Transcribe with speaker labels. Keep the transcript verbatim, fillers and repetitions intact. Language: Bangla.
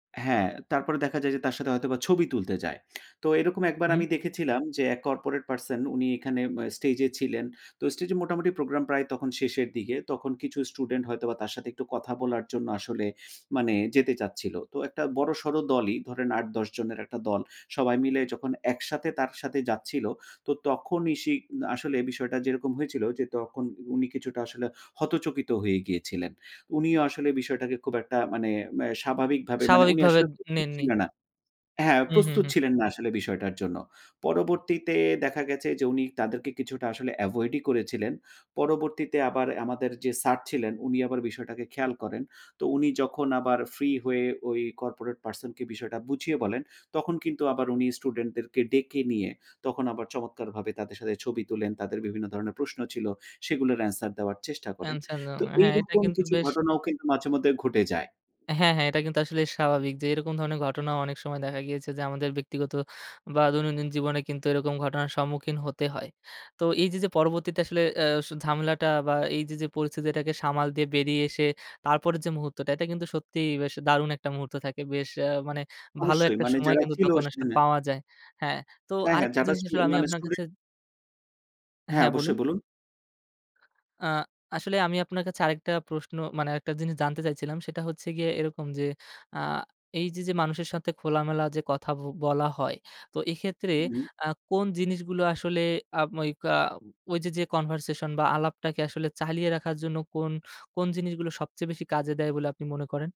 Speaker 1: হ্যাঁ তারপরে দেখা যায় যে তার সাথে হয়তোবা ছবি তুলতে যায়। তো এরকম একবার
Speaker 2: হুম।
Speaker 1: আমি দেখেছিলাম যে এক কর্পোরেট পারসন উনি এখানে আ স্টেজ ছিলেন। তো স্টেজে মোটামুটি প্রোগ্রাম প্রায় শেষের দিকে, তখন কিছু স্টুডেন্ট হয়তো বা তার সাথে একটু কথা বলার জন্য আসলে মানে যেতে চাচ্ছিল। তো একটা বড় সড় দলই ধরেন আট-দশ জনের একটা দল সবাই মিলে যখন একসাথে তার সাথে যাচ্ছিলো, তো তখনই সে আসলে বিষয়টা যেরকম হয়েছিল যে তখন উনি কিছুটা আসলে হতচকিত হয়ে গিয়েছিলেন। উনিও আসলে বিষয়টাকে খুব একটা মানে স্বাভাবিকভাবে মানে
Speaker 2: স্বাভাবিক
Speaker 1: উনি
Speaker 2: ভাবে
Speaker 1: আসলে প্রস্তুত
Speaker 2: নেননি।
Speaker 1: ছিলেন না হ্যাঁ
Speaker 2: হু, হু,
Speaker 1: প্রস্তুত
Speaker 2: হু।
Speaker 1: ছিলেন না আসলে বিষয়টার জন্য। পরবর্তীতে দেখা গেছে যে উনি তাদেরকে কিছুটা আসলে এভয়েড ই করেছিলেন। পরবর্তীতে আবার আমাদের যে স্যার ছিলেন উনি আবার বিষয়টাকে খেয়াল করেন। তো উনি যখন আবার ফ্রি হয়ে ওই কর্পোরেট পারসন কে বিষয়টা বুঝিয়ে বলেন, তখন কিন্তু আবার উনি স্টুডেন্ট দেরকে ডেকে নিয়ে তখন আবার চমৎকারভাবে তাদের সাথে ছবি তোলেন, তাদের বিভিন্ন ধরনের প্রশ্ন ছিল। সেগুলোর অ্যান্সার দেওয়ার চেষ্টা করেন।
Speaker 2: অ্যান্সার দেওয়া।
Speaker 1: তো
Speaker 2: হ্যাঁ এটা
Speaker 1: এইরকম
Speaker 2: কিন্তু
Speaker 1: কিছু
Speaker 2: বেশ
Speaker 1: ঘটনাও কিন্তু মাঝে মধ্যে ঘটে যায়।
Speaker 2: হ্যাঁ, হ্যাঁ এটা কিন্তু আসলে স্বাভাবিক যে এরকম ধরনের ঘটনা অনেক সময় দেখা গিয়েছে যে আমাদের ব্যক্তিগত, বা দৈনন্দিন জীবনে কিন্তু এরকম ঘটনার সম্মুখীন হতে হয়। তো এই যে যে পরবর্তীতে আসলে আ ঝামেলাটা বা এই যে, যে পরিস্থিতিটাকে সামাল দিয়ে বেরিয়ে এসে তারপরের যে মুহূর্তটা এটা কিন্তু সত্যিই বেশ দারুণ একটা মুহূর্ত থাকে। বেশ আ মানে ভালো
Speaker 1: অবশ্যই
Speaker 2: একটা
Speaker 1: মানে
Speaker 2: সময়
Speaker 1: যারা
Speaker 2: কিন্তু
Speaker 1: ছিল
Speaker 2: তখন আসলে
Speaker 1: সেখানে।
Speaker 2: পাওয়া যায়। হ্যাঁ তো
Speaker 1: হ্যাঁ, হ্যাঁ
Speaker 2: আরেকটা
Speaker 1: যারা
Speaker 2: জিনিস
Speaker 1: স্টু
Speaker 2: আসলে আমি
Speaker 1: মানে
Speaker 2: আপনার কাছে
Speaker 1: স্টুডেন্ট হ্যাঁ
Speaker 2: হ্যাঁ বলুন।
Speaker 1: অবশ্যই বলুন।
Speaker 2: আ আসলে আমি আপনার কাছে আরেকটা প্রশ্ন মানে আরেকটা জিনিস জানতে চাইছিলাম। সেটা হচ্ছে গিয়ে এরকম যে আ এই যে, যে মানুষের সাথে খোলামেলা যে কথা বলা হয়। তো এক্ষেত্রে
Speaker 1: উহুম।
Speaker 2: আ কোন জিনিসগুলো আসলে আ ওই ক্যা ঐ যে, যে কনভারসেশন বা আলাপটাকে আসলে চালিয়ে রাখার জন্য কোন, কোন জিনিসগুলো সবচেয়ে বেশি কাজে দেয় বলে আপনি মনে করেন?